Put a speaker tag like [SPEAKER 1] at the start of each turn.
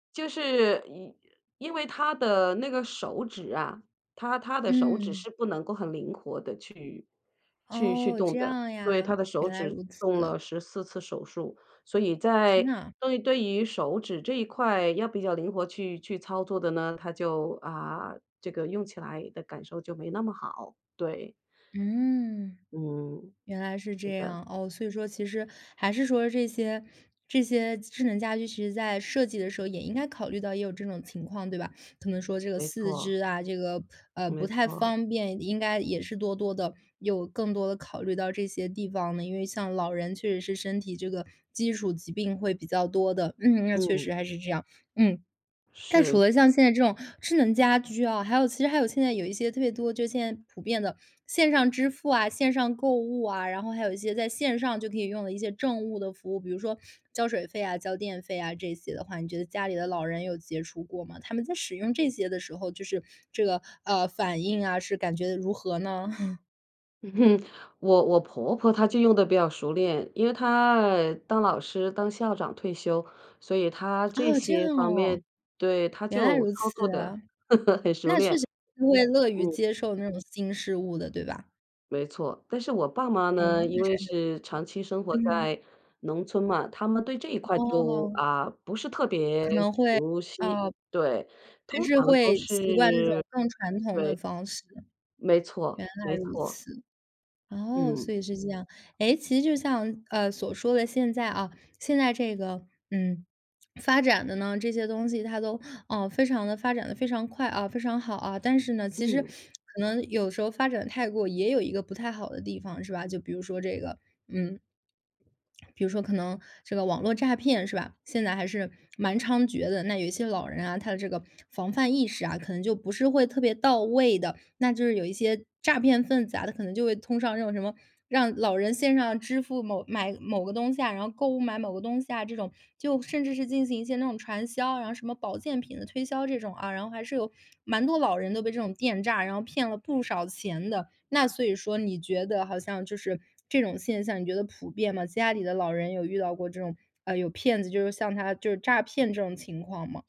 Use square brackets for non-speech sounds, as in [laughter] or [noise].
[SPEAKER 1] 就是因因为他的那个手指啊，他他的手指
[SPEAKER 2] 嗯。
[SPEAKER 1] 是不能够很灵活地去去去
[SPEAKER 2] 哦，
[SPEAKER 1] 动
[SPEAKER 2] 这
[SPEAKER 1] 的。
[SPEAKER 2] 样
[SPEAKER 1] 对，他
[SPEAKER 2] 呀，
[SPEAKER 1] 的手
[SPEAKER 2] 原来
[SPEAKER 1] 指
[SPEAKER 2] 如
[SPEAKER 1] 动
[SPEAKER 2] 此。
[SPEAKER 1] 了14次手术，所以
[SPEAKER 2] 天
[SPEAKER 1] 在
[SPEAKER 2] 呐。
[SPEAKER 1] 对对于手指这一块要比较灵活去去操作的呢，他就，啊，这个用起来的感受就没那么好，对。
[SPEAKER 2] 嗯。
[SPEAKER 1] 嗯，
[SPEAKER 2] 原来是这
[SPEAKER 1] 是的。
[SPEAKER 2] 样。哦，所以说其实还是说这些这些智能家居，其实在设计的时候也应该考虑到也有这种情况，对吧？可能说这个
[SPEAKER 1] 没
[SPEAKER 2] 四
[SPEAKER 1] 错。
[SPEAKER 2] 肢啊，这个，呃，不
[SPEAKER 1] 没
[SPEAKER 2] 太
[SPEAKER 1] 错。
[SPEAKER 2] 方便应该也是多多地有更多地考虑到这些地方呢。因为像老人确实是身体这个基础疾病会比较多的，嗯，那确
[SPEAKER 1] 嗯。
[SPEAKER 2] 实还是这样。嗯。那除
[SPEAKER 1] 是。
[SPEAKER 2] 了像现在这种智能家居啊，还有其实还有现在有一些特别多，就现在普遍的，线上支付啊、线上购物啊，然后还有一些在线上就可以用的一些政务的服务，比如说交水费啊、交电费啊这些的话，你觉得家里的老人有接触过吗？他们在使用这些的时候，就是这个，呃，反应啊，是感觉得如何呢？[chuckles]
[SPEAKER 1] [chuckles] 我我婆婆她就用得比较熟练，因为她当老师、当校长退休，所以她这
[SPEAKER 2] 哦，这样
[SPEAKER 1] 些方
[SPEAKER 2] 哦。
[SPEAKER 1] 面对，她
[SPEAKER 2] 原来
[SPEAKER 1] 就
[SPEAKER 2] 如
[SPEAKER 1] 操作
[SPEAKER 2] 此
[SPEAKER 1] 得
[SPEAKER 2] 啊。
[SPEAKER 1] [chuckles] 很熟
[SPEAKER 2] 那确
[SPEAKER 1] 练。
[SPEAKER 2] 实会乐于
[SPEAKER 1] 嗯。
[SPEAKER 2] 接受那种新事物的，对吧？
[SPEAKER 1] 没错。但是我爸妈
[SPEAKER 2] 哎，
[SPEAKER 1] 呢，因
[SPEAKER 2] 那
[SPEAKER 1] 为
[SPEAKER 2] 真的。
[SPEAKER 1] 是长期生活
[SPEAKER 2] 嗯。
[SPEAKER 1] 在农村嘛，他们对这一块就，
[SPEAKER 2] 哦。
[SPEAKER 1] 啊，不是特别
[SPEAKER 2] 可能会，
[SPEAKER 1] 熟悉，
[SPEAKER 2] 哦，
[SPEAKER 1] 对
[SPEAKER 2] 还
[SPEAKER 1] 通
[SPEAKER 2] 是
[SPEAKER 1] 常都
[SPEAKER 2] 会习惯这
[SPEAKER 1] 是
[SPEAKER 2] 种更传统
[SPEAKER 1] 对。
[SPEAKER 2] 的方式。原
[SPEAKER 1] 没错
[SPEAKER 2] 来
[SPEAKER 1] 没
[SPEAKER 2] 如
[SPEAKER 1] 错。
[SPEAKER 2] 此。哦，
[SPEAKER 1] 嗯。
[SPEAKER 2] 所以是这样。哎，其实就像，呃，所说的现在啊，现在这个，嗯，发展的呢，这些东西它都，呃，非常地发展得非常快啊、非常好啊，但是呢，其实
[SPEAKER 1] 嗯。
[SPEAKER 2] 可能有时候发展太过也有一个不太好的地方，是吧，就比如说这个嗯。比如说可能这个网络诈骗，是吧，现在还是蛮猖獗的。那有一些老人啊，他的这个防范意识啊，可能就不是会特别到位的，那就是有一些诈骗分子啊，他可能就会通上这种什么，让老人线上支付某买，某个东西啊，然后购物买某个东西啊这种，就甚至是进行一些那种传销，然后什么保健品的推销这种啊，然后还是有蛮多老人都被这种电诈，然后骗了不少钱的。那所以说你觉得好像就是这种现象，你觉得普遍吗？家里的老人有遇到过这种，呃，有骗子就是像他就是诈骗这种情况吗？